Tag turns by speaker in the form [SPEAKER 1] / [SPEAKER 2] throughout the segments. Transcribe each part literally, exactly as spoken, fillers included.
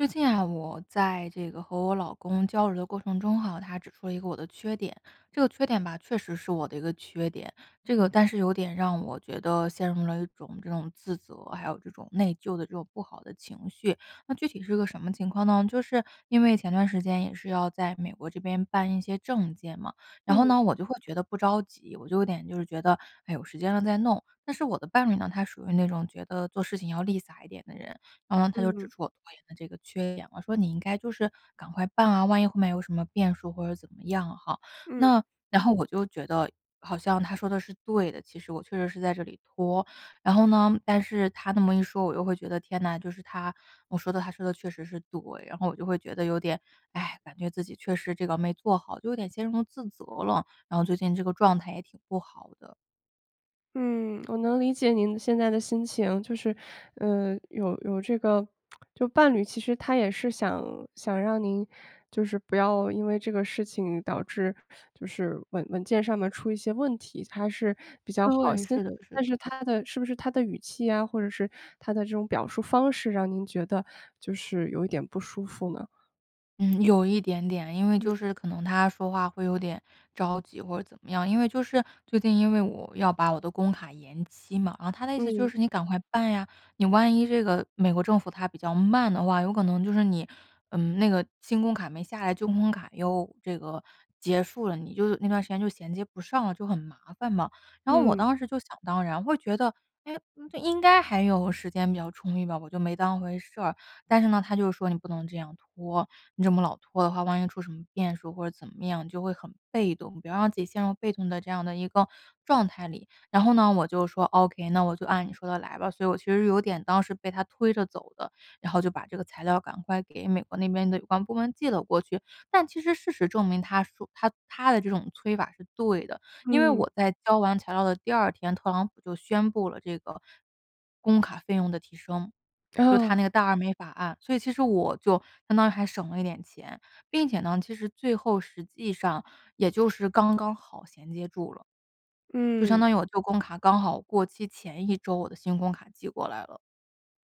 [SPEAKER 1] 最近啊，我在这个和我老公交流的过程中哈，他指出了一个我的缺点，这个缺点吧，确实是我的一个缺点，这个但是有点让我觉得陷入了一种这种自责，还有这种内疚的这种不好的情绪。那具体是一个什么情况呢？就是，因为前段时间也是要在美国这边办一些证件嘛，然后
[SPEAKER 2] 嗯。
[SPEAKER 1] 呢，我就会觉得不着急，我就有点就是觉得，哎，有时间了再弄。但是我的伴侣呢，他属于那种觉得做事情要立洒一点的人，然后他就指
[SPEAKER 2] 嗯。
[SPEAKER 1] 出我拖延的这个缺点，我说你应该就是，赶快办啊，万一后面有什么变数或者怎么样哈，
[SPEAKER 2] 嗯。
[SPEAKER 1] 那然后我就觉得好像他说得是对的，其实我确实是在这里拖。然后呢，但是他那么一说，我就会觉得天呐，就是他我说的他说得确实是对，然后我就会觉得有点，哎，感觉自己确实这个没做好，就有点陷入了自责了，然后最近这个状态也挺不好的。
[SPEAKER 2] 嗯，我能理解您现在的心情就是，呃，有有这个 就伴侣其实他也是想想让您就是不要因为这个事情导致就是文文件上面出一些问题，他是比较好
[SPEAKER 1] 对，
[SPEAKER 2] 心，
[SPEAKER 1] 是的是
[SPEAKER 2] 但
[SPEAKER 1] 的。
[SPEAKER 2] 是他的是不是他的语气呀，或者是他的这种表述方式让您觉得，就是有一点不舒服呢？
[SPEAKER 1] 嗯，有一点点，因为
[SPEAKER 2] 嗯。
[SPEAKER 1] 就是可能他说话会有点着急或是怎么样。因为就是，最近因为我要把我的工卡延期嘛，然后他的意思就
[SPEAKER 2] 嗯。
[SPEAKER 1] 是你赶快办呀，你万一这个，美国政府它比较慢的话，有可能就是你，嗯，那个新工卡没下来，旧工卡又这个，结束了，你就那段时间就衔接不上了，就很麻烦嘛。然后我
[SPEAKER 2] 嗯。
[SPEAKER 1] 当时就想当然，会觉得，唉，应该还有时间比较充裕吧。我就没当回事儿。但是呢，他就说：“你不能这样拖，你这么老拖的话，万一出什么变数或者怎么样就会很被动，不要让自己陷入被动的这样的一个状态里。“然后呢，我就说：“ok，那我就按你说的来吧，”所以我其实有点当时被他推着走的，然后就把这个材料赶快给美国那边的有关部门寄了过去。但其实事实证明，他说他他的这种催法是对的。因为
[SPEAKER 2] 嗯。
[SPEAKER 1] 我在交完材料的第二天，特朗普就宣布了这个工卡费用的提升。就他那个
[SPEAKER 2] 哦。
[SPEAKER 1] 大而美法案，所以其实我就相当于还省了一点钱，并且呢，其实最后实际上也就是刚刚好衔接住了。就相当
[SPEAKER 2] 嗯。
[SPEAKER 1] 于我旧工卡刚好过期前一周，我的新工卡寄过来了。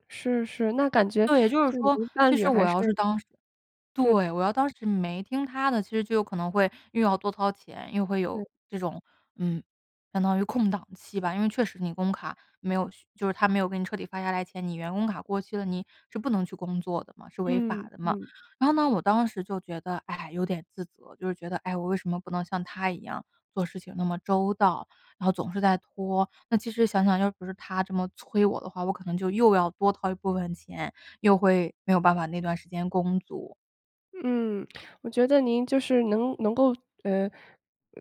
[SPEAKER 2] 是是，那感觉
[SPEAKER 1] 对，就是
[SPEAKER 2] 就有一
[SPEAKER 1] 说，
[SPEAKER 2] 个伴
[SPEAKER 1] 其
[SPEAKER 2] 侣
[SPEAKER 1] 实我
[SPEAKER 2] 还是
[SPEAKER 1] 要是当时
[SPEAKER 2] 对。
[SPEAKER 1] 对，我要当时没听他的，其实就有可能会又要多掏钱，又会有
[SPEAKER 2] 对。
[SPEAKER 1] 这种嗯，相当于空档期吧。因为确实，你工卡没有续就是他没有给你彻底发下来前，你员工卡过期了，你是不能去工作的嘛，是违法
[SPEAKER 2] 嗯，
[SPEAKER 1] 的嘛。
[SPEAKER 2] 嗯。
[SPEAKER 1] 然后呢，我当时就觉得，唉，有点自责，就是觉得，哎，我为什么不能像他一样做事情那么周到，然后总是在拖，那其实想想要不是他这么催我的话，我可能就又要多掏一部分钱，又会没有办法那段时间工作。
[SPEAKER 2] 嗯，我觉得您就是，能能够呃，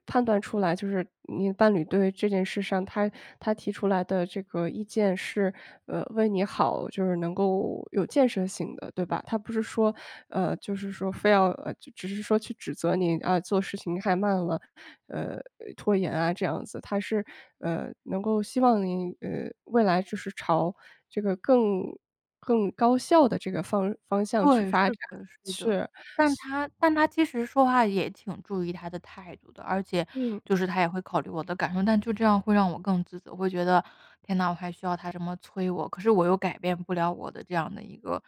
[SPEAKER 2] 判断出来就是，你的伴侣对这件事上，他他提出来的这个意见是，呃，为你好，就是能够有建设性的，对吧？他不是说呃，就是说非要，只是说去指责你，啊，做事情太慢了，呃，拖延啊这样子，他是，呃，能够希望你，呃，未来就是朝这个，更更高效的，这个，方方向去
[SPEAKER 1] 对，
[SPEAKER 2] 发
[SPEAKER 1] 是
[SPEAKER 2] 展。
[SPEAKER 1] 的是的。
[SPEAKER 2] 是。
[SPEAKER 1] 但
[SPEAKER 2] 所
[SPEAKER 1] 他但他其实说话也挺注意他的态度的，而且
[SPEAKER 2] 嗯。
[SPEAKER 1] 就是他也会考虑我的感受，但就这样会让我更自责，会觉得，天呐，我还需要他这么催我，可是我又改变不了我的这样的一个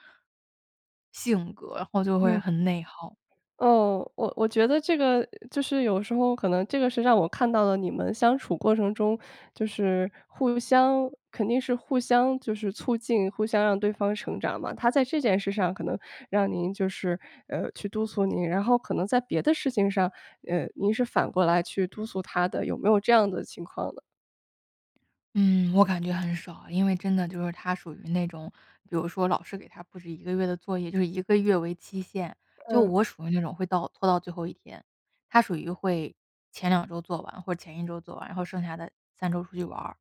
[SPEAKER 1] 性格，然后就会
[SPEAKER 2] 嗯。
[SPEAKER 1] 很内耗。
[SPEAKER 2] 哦，我我觉得这个，就是有时候，可能这个是让我看到了你们相处过程中，就是互相肯定是互相就是促进，互相让对方成长嘛。他在这件事上可能让您就是去督促您，然后可能在别的事情上，呃，您是反过来去督促他的。有没有这样的情况呢？
[SPEAKER 1] 嗯，我感觉很少，因为真的就是他属于那种，比如说老师给他布置一个月的作业，就是一个月为期限，就
[SPEAKER 2] 嗯。
[SPEAKER 1] 我属于那种会到拖到最后一天，他属于会前两周做完或者前一周做完，然后剩下的三周出去玩。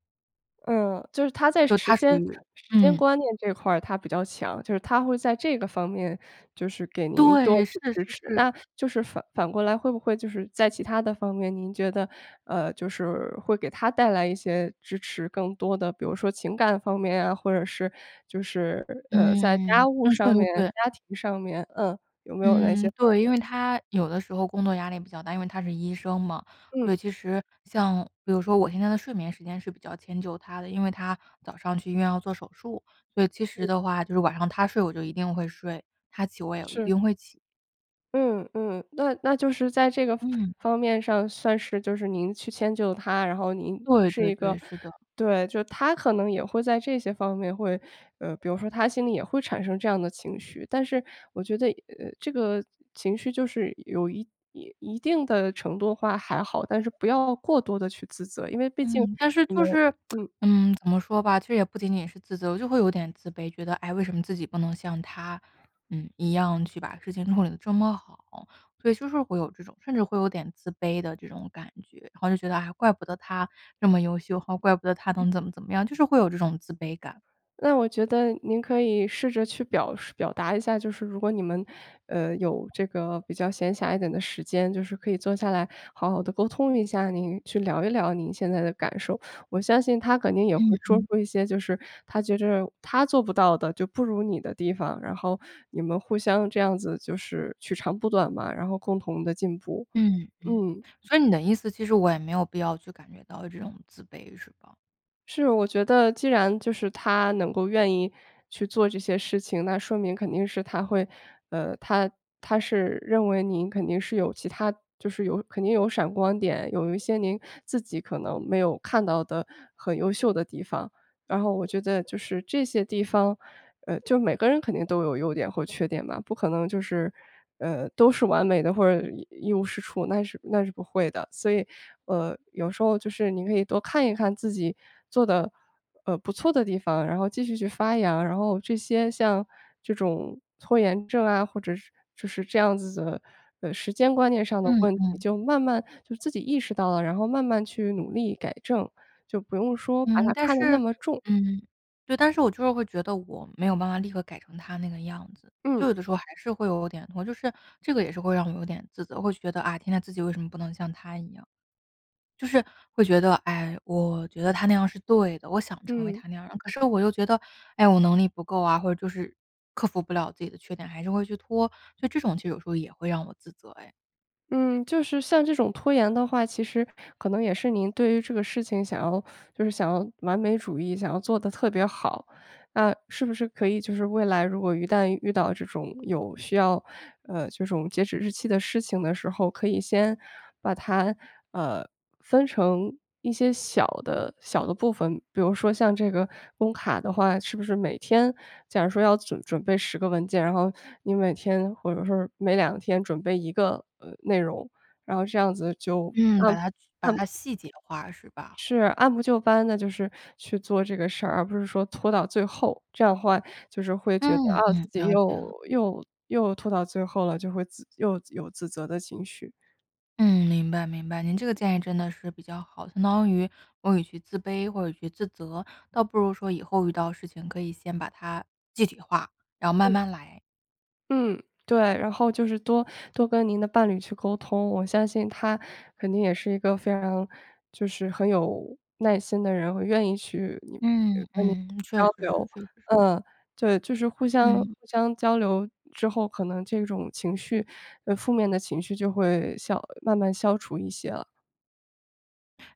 [SPEAKER 2] 呃，就是他在
[SPEAKER 1] 就
[SPEAKER 2] 时
[SPEAKER 1] 他属
[SPEAKER 2] 间
[SPEAKER 1] 于
[SPEAKER 2] 时间
[SPEAKER 1] 嗯。
[SPEAKER 2] 观念这块儿他比较强，就是他会在这个方面就是给您多
[SPEAKER 1] 对，是
[SPEAKER 2] 去支
[SPEAKER 1] 是
[SPEAKER 2] 持，
[SPEAKER 1] 是。
[SPEAKER 2] 那就是反反过来会不会就是在其它的方面，您觉得，呃，就是会给他带来一些支持更多的比如说情感方面啊，或者是就是，呃，在
[SPEAKER 1] 嗯，
[SPEAKER 2] 家务
[SPEAKER 1] 嗯，说得
[SPEAKER 2] 上
[SPEAKER 1] 都
[SPEAKER 2] 面、
[SPEAKER 1] 对。
[SPEAKER 2] 家庭上面，呃，有没有哪
[SPEAKER 1] 嗯，
[SPEAKER 2] 些方
[SPEAKER 1] 对，因
[SPEAKER 2] 面？
[SPEAKER 1] 为他有的时候工作压力比较大，因为他是医生嘛，
[SPEAKER 2] 嗯。
[SPEAKER 1] 所以其实像比如说我现在的睡眠时间是比较迁就他的，因为他早上去医院要做手术，所以其实
[SPEAKER 2] 嗯。
[SPEAKER 1] 的话就是晚上他睡我就一定会睡，他起我也一
[SPEAKER 2] 是。
[SPEAKER 1] 定会起。
[SPEAKER 2] 嗯，嗯，那那就是在这个
[SPEAKER 1] 嗯。
[SPEAKER 2] 方面上算是就是您去迁就他，然后您
[SPEAKER 1] 对
[SPEAKER 2] 是
[SPEAKER 1] 对
[SPEAKER 2] 一个
[SPEAKER 1] 对，是的。
[SPEAKER 2] 对，就他可能也会在这些方面会呃，比如说他心里也会产生这样的情绪，但是我觉得，呃，这个情绪就是有一一定的程度的话还好，但是不要过多的去自责，因为毕竟
[SPEAKER 1] 嗯，但是
[SPEAKER 2] 你
[SPEAKER 1] 就
[SPEAKER 2] 们
[SPEAKER 1] 是，
[SPEAKER 2] 嗯。
[SPEAKER 1] 嗯，怎么说吧，其实也不仅仅是自责，我就会有点自卑。觉得，唉，为什么自己不能像他，呃，一样去把事情处理得这么好，所以就是会有这种甚至会有点自卑的这种感觉，然后就觉得，啊，怪不得他这么优秀，怪不得他
[SPEAKER 2] 嗯。
[SPEAKER 1] 能怎么怎么样，就是会有这种自卑感。
[SPEAKER 2] 那我觉得您可以试着去表述表达一下，就是如果你们，呃，有这个比较闲暇一点的时间，就是可以坐下来好好的沟通一下，您去聊一聊您现在的感受，我相信他肯定也会
[SPEAKER 1] 嗯
[SPEAKER 2] 说
[SPEAKER 1] 嗯。
[SPEAKER 2] 出一些就是他觉着他做不到的，就不如你的地方，然后你们互相这样子就是取长补短嘛，然后共同的进步，
[SPEAKER 1] 嗯嗯，
[SPEAKER 2] 嗯。
[SPEAKER 1] 所以你的意思其实我也没有必要去感觉到这种自卑是吧？
[SPEAKER 2] 是。我觉得既然就是他能够愿意去做这些事情，那说明肯定是他会呃，他他是认为您肯定是有其它就是有肯定有闪光点，有一些您自己可能没有看到的很优秀的地方。然后我觉得就是这些地方呃，就每个人肯定都有优点或缺点吧，不可能就是，呃，都是完美的或者一无是处，那是那是不会的。所以，呃，有时候就是您可以多看一看自己做得，呃，不错的地方，然后继续去发扬，然后这些像这种拖延症啊，或者是就是这样子的，呃，时间观念上的
[SPEAKER 1] 嗯
[SPEAKER 2] 问题
[SPEAKER 1] 嗯。
[SPEAKER 2] 就慢慢就自己意识到了，然后慢慢去努力、改正，就不用说把
[SPEAKER 1] 嗯，
[SPEAKER 2] 它
[SPEAKER 1] 但
[SPEAKER 2] 看得
[SPEAKER 1] 是
[SPEAKER 2] 那么重。
[SPEAKER 1] 嗯。对，但是我就是会觉得我没有办法立刻改成他那个样子，就
[SPEAKER 2] 嗯。
[SPEAKER 1] 有的时候还是会有点我就是这个也是会让我有点自责，会觉得，啊，天天自己为什么不能像他一样。就是会觉得，唉，我觉得他那样是对的，我想成为
[SPEAKER 2] 嗯。
[SPEAKER 1] 他那样。可是我又觉得，唉，我能力不够啊，或者就是克服不了自己的缺点，还是会去拖，就这种其实有时候也会让我自责唉。
[SPEAKER 2] 嗯，就是像这种拖延的话，其实可能也是您对于这个事情想要就是想要完美主义，想要做得特别好。那是不是可以就是未来如果一旦遇到这种有需要，呃，这种截止日期的事情的时候，可以先把它，呃，分成一些小的小的部分，比如说像这个工卡的话，是不是每天假如说要准准备十个文件，然后你每天或者说每两天准备一个，呃，内容，然后这样子就
[SPEAKER 1] 嗯，
[SPEAKER 2] 按
[SPEAKER 1] 把它把
[SPEAKER 2] 按
[SPEAKER 1] 它细节化是吧？
[SPEAKER 2] 是，按部就班的，就是去做这个事儿，而不是说拖到最后，这样的话就是会觉得，
[SPEAKER 1] 嗯
[SPEAKER 2] 啊，自
[SPEAKER 1] 嗯，
[SPEAKER 2] 己
[SPEAKER 1] 了解
[SPEAKER 2] 又
[SPEAKER 1] 了。
[SPEAKER 2] 又又拖到最后了，就会自又有自责的情绪。
[SPEAKER 1] 嗯，明白明白，您这个建议真的是比较好，相当于我与其自卑或者与其自责，倒不如说以后遇到事情可以先把它具体化，然后慢
[SPEAKER 2] 嗯。
[SPEAKER 1] 慢来。
[SPEAKER 2] 嗯，对，然后就是多多跟您的伴侣去沟通，我相信他肯定也是一个非常就是很有耐心的人，或者愿意去你
[SPEAKER 1] 嗯
[SPEAKER 2] 跟你
[SPEAKER 1] 嗯，确
[SPEAKER 2] 交
[SPEAKER 1] 实是
[SPEAKER 2] 流。
[SPEAKER 1] 确实是。
[SPEAKER 2] 嗯，对，就是互相
[SPEAKER 1] 嗯。
[SPEAKER 2] 互相交流之后，可能这种情绪呃，负面的情绪就会消慢慢消除一些了。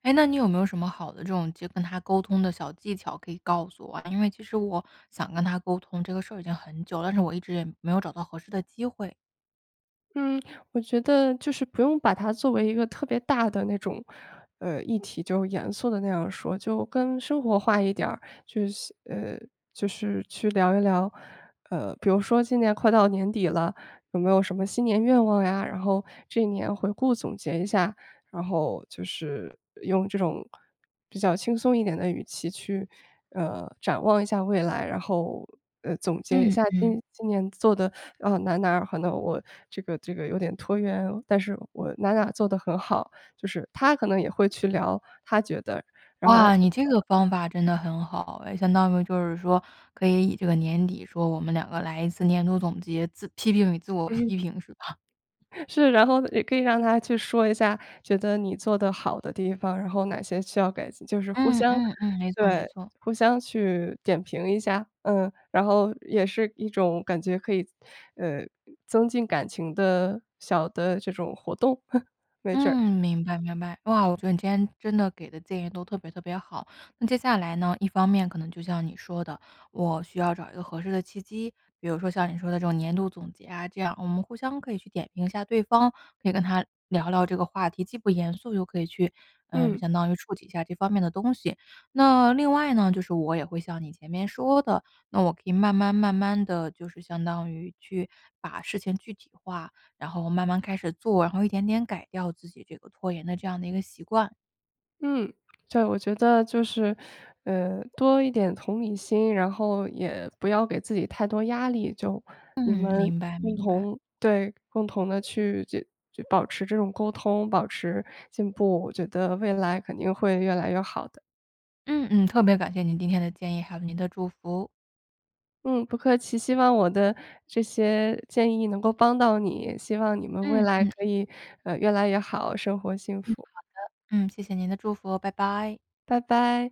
[SPEAKER 1] 哎，那你有没有什么好的这种就跟他沟通的小技巧可以告诉我啊？因为其实我想跟他沟通，这个事儿已经很久了，但是我一直也没有找到合适的机会。
[SPEAKER 2] 嗯，我觉得就是不用把它作为一个特别大的那种，呃，议题。就严肃的那样说，就更生活化一点儿。就是，呃，就是去聊一聊，呃，比如说今年快到年底了，有没有什么新年愿望呀，然后这一年回顾总结一下。然后就是用这种比较轻松一点的语气去，呃，展望一下未来，然后，呃，总结一
[SPEAKER 1] 嗯，
[SPEAKER 2] 下
[SPEAKER 1] 嗯。
[SPEAKER 2] 今今年做的，呃，哪儿哪儿，可能我这个这个有点拖延，但是我哪哪做得很好。就是他可能也会去聊，他觉得，然
[SPEAKER 1] 哇，
[SPEAKER 2] 后
[SPEAKER 1] 你这个
[SPEAKER 2] [unintelligible]
[SPEAKER 1] 方法真的很好哎。相当于就是说可以以这个年底说我们两个来一次年度总结，自批评与自我
[SPEAKER 2] 嗯。
[SPEAKER 1] 批评，是吧？
[SPEAKER 2] 是，然后也可以让他去说一下，觉得你做得好的地方，然后哪些需要改进。就是互
[SPEAKER 1] 嗯
[SPEAKER 2] 相
[SPEAKER 1] 嗯嗯，没错没
[SPEAKER 2] 对，
[SPEAKER 1] 错。
[SPEAKER 2] 互相去点评一下，嗯。然后也是一种感觉可以，呃，增进感情的小的这种活动，没准儿。
[SPEAKER 1] 嗯，明白明白。哇，我觉得你今天真的给的建议都特别特别好。那接下来呢，一方面可能就像你说的，我需要找一个合适的契机，比如说像你说的这种年度总结啊，这样我们互相可以去点评一下对方。可以跟他聊聊这个话题，既不严肃又可以去呃，
[SPEAKER 2] 嗯。
[SPEAKER 1] 相当于触及一下这方面的东西。那另外呢，就是我也会像你前面说的，那我可以慢慢慢慢地就是相当于去把事情具体化，然后慢慢开始做，然后一点点改掉自己这个拖延的这样的一个习惯。
[SPEAKER 2] 嗯，对。我觉得就是，呃，多一点同理心，然后也不要给自己太多压力。就你
[SPEAKER 1] 嗯，
[SPEAKER 2] 们
[SPEAKER 1] 明白
[SPEAKER 2] 共
[SPEAKER 1] 明白。
[SPEAKER 2] 同对，共同地去就就保持这种沟通、保持进步，我觉得未来肯定会越来越好的。
[SPEAKER 1] 嗯嗯。特别感谢您今天的建议，还有您的祝福。
[SPEAKER 2] 嗯，不客气。希望我的这些建议能够帮到你。希望你们未
[SPEAKER 1] 嗯
[SPEAKER 2] 来
[SPEAKER 1] 嗯。
[SPEAKER 2] 可以，呃，越来越好，生活幸
[SPEAKER 1] 嗯，好的。
[SPEAKER 2] 福。
[SPEAKER 1] 嗯，谢谢您的祝福，拜拜。
[SPEAKER 2] 拜拜。